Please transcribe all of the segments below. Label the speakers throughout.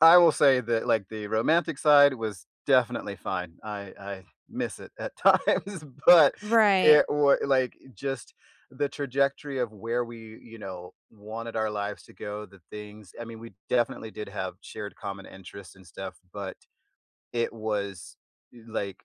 Speaker 1: I will say that, like, the romantic side was definitely fine. I I miss it at times, but
Speaker 2: Right.
Speaker 1: it wa like, just, the trajectory of where we, you know, wanted our lives to go, the things I mean, we definitely did have shared common interests and stuff, but it was i like,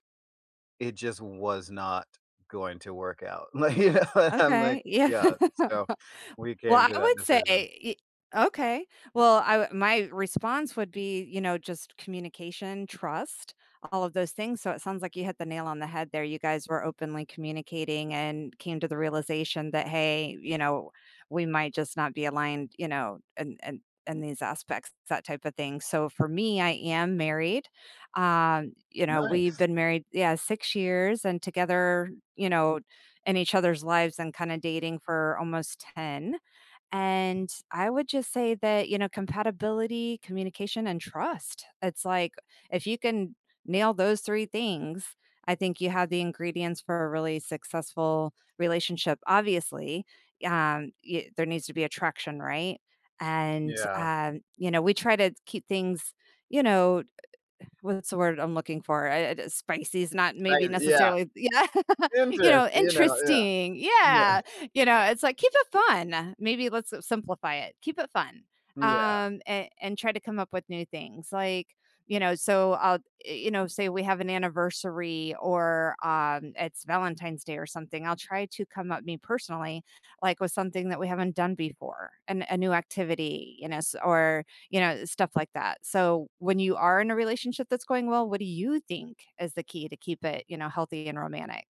Speaker 1: it just was not going to work out. Like, you know, I'm like
Speaker 2: Okay. Yeah.
Speaker 1: yeah, so we
Speaker 2: Well,
Speaker 1: came to
Speaker 2: I
Speaker 1: that
Speaker 2: would say
Speaker 1: decision.
Speaker 2: i okay. Well, I my response would be, you know, just, communication, trust, all of those things. So it sounds like you hit the nail on the head there. You guys were openly communicating and came to the realization that, "Hey, you know, we might, just, not be aligned, you know, in in in these aspects, that type of thing." so for me, I am married. Um, you know, we've
Speaker 1: Nice.
Speaker 2: been married yeah, 6 years and together, you know, in each other's lives, and, kinda, dating for almost 10, and I would, just, say that, you know, compatibility, communication and trust. It's like if you can nail those 3 things, I think you have the ingredients for a really successful relationship, obviously, um, y there needs to be attraction, right, and,
Speaker 1: Yeah.
Speaker 2: um, you know, we try to keep things, you know, what's the word I'm looking for, uh uh, spicy's not
Speaker 1: Right,
Speaker 2: maybe
Speaker 1: yeah.
Speaker 2: necessarily yeah, you know,
Speaker 1: Interesting, you know, yeah.
Speaker 2: interesting, yeah.
Speaker 1: Yeah.
Speaker 2: You know, it's like "Keep it fun." Maybe let's simplify it. Keep it fun,
Speaker 1: Yeah.
Speaker 2: um, a and try to come at with new things, like, you know, so, I'll i you know, say we have an anniversary or, um, it's Valentine's Day or something, I'll try to come up me personally, like, with something that we haven't done before, a n a new activity, you know, s or, you know, stuff like that, so when you are in a relationship that's going well, what do you think is the key to keep it, you know, healthy and romanic?